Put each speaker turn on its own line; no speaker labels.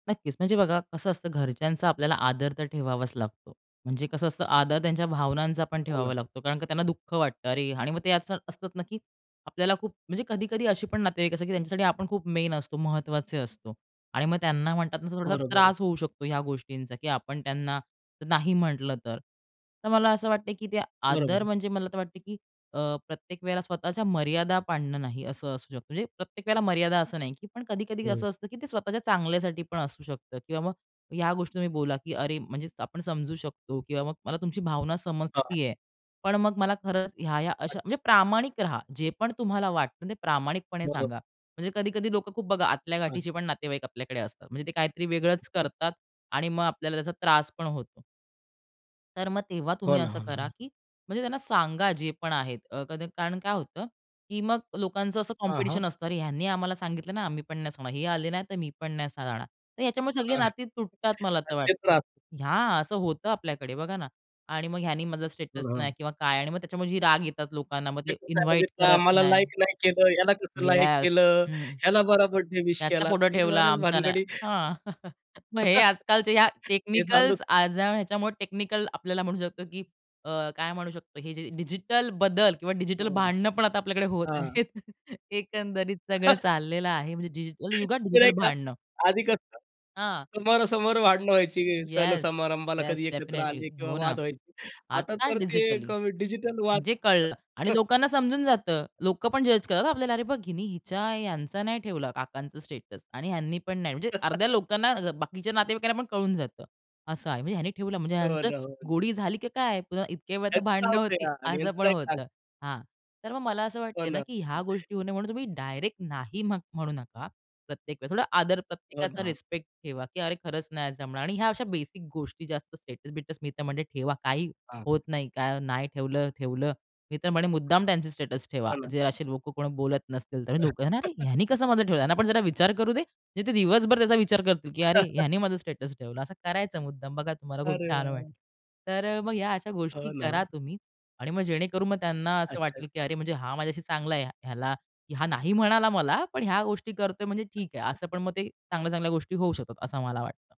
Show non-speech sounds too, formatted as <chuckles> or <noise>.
नक्कीच म्हणजे बघा कसं असतं, घरच्यांचा आपल्याला आदर तर ठेवावाच लागतो. म्हणजे कसं असतं, आदर त्यांच्या भावनांचापण
हो
ठेवावा
ना.
लागतो कारण का त्यांना दुःख वाटतं. अरे, आणि मग ते आजकाल असतात ना, की आपल्याला खूप म्हणजे कधी-कधी अशी पण नातेवाईक त्यांच्यासाठी आपण खूप मेन असतो, महत्त्वाचे असतो आणि मग त्यांना म्हणतात ना, थोडासा
बरोबर आहे.
त्रास होऊ शकतो ह्या गोष्टींचा, की आपण त्यांना नाही म्हटलं तर. तर मला असं वाटतं की ते आदर
बरोबर.
म्हणजे, मला तर वाटतं, की अ, प्रत्येक वेळेला स्वतःच्या मर्यादा पाडणं नाही, असं असू शकतं. म्हणजे प्रत्येक वेळेला मर्यादा असं नाही, पण कधी-कधी
हं.
असं असतं, की ते स्वतःच्या चांगल्यासाठीपण असू शकतं किंवा मग ह्या गोष्टी तुम्ही बोला, की अरे, म्हणजे आपण समजू शकतो किंवा मग मला तुमची भावना
हां.
समजते आहे. पण मग मला खरंच ह्या-ह्या अशा
अच्छा.
म्हणजे प्रामाणिक रहा. जे पण तुम्हाला वाटतं ते प्रामाणिकपणे
बरोबर.
सांगा. म्हणजे कधी-कधी लोकं खूप बघा आतल्या
हां.
गाठीचेपण नातेवाईक आपल्याकडे असतात. म्हणजे ते काहीतरी वेगळंच करतात आणि मग आपल्याला त्याचा त्रास पण होतो. तर मग तेव्हा तुम्ही
हो ना,
असं
हो
करा,
ना.
की म्हणजे त्यांना सांगा जे पण आहेत अ, कद कारण काय होतं की मग लोकांचं असं
हां, हां.
कॉम्पिटिशन असतं. अरे, ह्यांनी आम्हाला सांगितलं नाही, आम्ही पण नाही सांगणार. हे आले नाही तर मी पण नाही सांगणार. तर ह्याच्यामुळे सगळी
हं,
नाती तुटतात मला
तर
तर
तेच
वाटतं आहे.
राहत.
या असं होतं आपल्याकडे बघा ना आणि मग ह्यानी माझा
पण
स्टेटस नाही
हां.
किंवा काय आणि मग त्याच्यामुळे जी राग येतात लोकांना. मग ते
तेच
इन्व्हाईट
सांगितलं,
करत
आम्हाला
नाही.
लाइक नाही केलं. ह्याला कसं लाइक
येस,
केलं.
हं.
ह्याला बरा बर्थडे विश
ह्याचा
केला,
फोटो
तर हे
ठेवला
बऱ्याच
आमचा नाही
भानगडी
हां, <chuckles> मग हे
<laughs>
आजकालचे या
हे सांगू
टेक्निकल्स आज ह्याच्यामुळे टेक्निकल आपल्याला म्हणू शकतो, की अ, काय म्हणू शकतो, हे जे डिजिटल बदल किंवा डिजिटल
हां.
भांडणंपण आता आपल्याकडे होत
हां.
आहेत. <chuckles> एकंदरीत सगळं
<chuckles>
चाललेलं आहे, म्हणजे डिजिटल युगात,
खरं
डिजिटल
आहे का,
भांडणं.
आधी कसं
हां.
समोरासमोर भांडणं व्हायची.
येस,
सण-समारंभाला
येस
कधी एकत्र
डेफिनेटली
आली किंवा
हो ना.
वाद व्हायची. आता
आता
तर ते एक
डिजिटली.
डिजिटल वाद
जे कळलं आणि
<chuckles> हं.
लोकांना समजून जातं. लोकंपण जज करतात आपल्याला. अरे बघ, हिनी हिच्या ह्यांचा नाही ठेवला काकांचं स्टेटस आणि ह्यांनीपण नाही. म्हणजे अर्ध्या
<chuckles>
लोकांना अ, बाकीच्या नातेवाईकांना पण कळून जातं, असं आहे. म्हणजे ह्यांनी ठेवलं म्हणजे
हो
ह्यांचं
ना, हो ना.
गोडी झाली की काय पुन्हा? इतक्या वेळ तर
त्याचं होऊ
भांडणं होती,
द्या आणि
असं पण
यांचं. <unintelligible>
होतं. हां, तर मग मला असं वाटतं
हो
आहे ना,
ना.
की ह्या गोष्टी होऊ नये म्हणून तुम्ही डायरेक्ट नाही म्ह म्हणू नका. प्रत्येक वेळेस थोडा आदर,
हो
प्रत्येकाचा
ना.
रिस्पेक्ट ठेवा, की अरे खरंच नाही जमणार आणि ह्या अशा बेसिक गोष्टी जास्त स्टेटस बिटस मी तर म्हणे ठेवा. काही होत
हां.
नाही. काय नाही ठेवलं, ठेवलं. मी तर म्हणे
हो
मुद्दाम त्यांचे स्टेटस ठेवा.
ना.
जे असे लोकं कोणी बोलत नसतील तर लोकं, अरे,
<chuckles>
ह्यांनी कसं माझं ठेवलं. यांनापण जरा विचार करू दे. म्हणजे ते दिवसभर त्याचा विचार करतील, की अरे,
<chuckles>
ह्यांनी माझं स्टेटस ठेवलं. असं करायचं मुद्दाम. बघा, तुम्हाला खूप
अरे
छान
वाह, वाह!
वाटेल. तर अ, मग ह्या अशा गोष्टी
हो ना.
करा तुम्ही आणि मग जेणेकरून मग त्यांना असं
अच्छा.
वाटलं, की अरे हा माझ्याशी चांगला आहे, ह्याला हा नाही म्हणाला मला पण ह्या गोष्टी करतोय म्हणजे ठीक आहे. असं पण मग ते चांगल्या-चांगल्या गोष्टी होऊ शकतात असं मला वाटतं.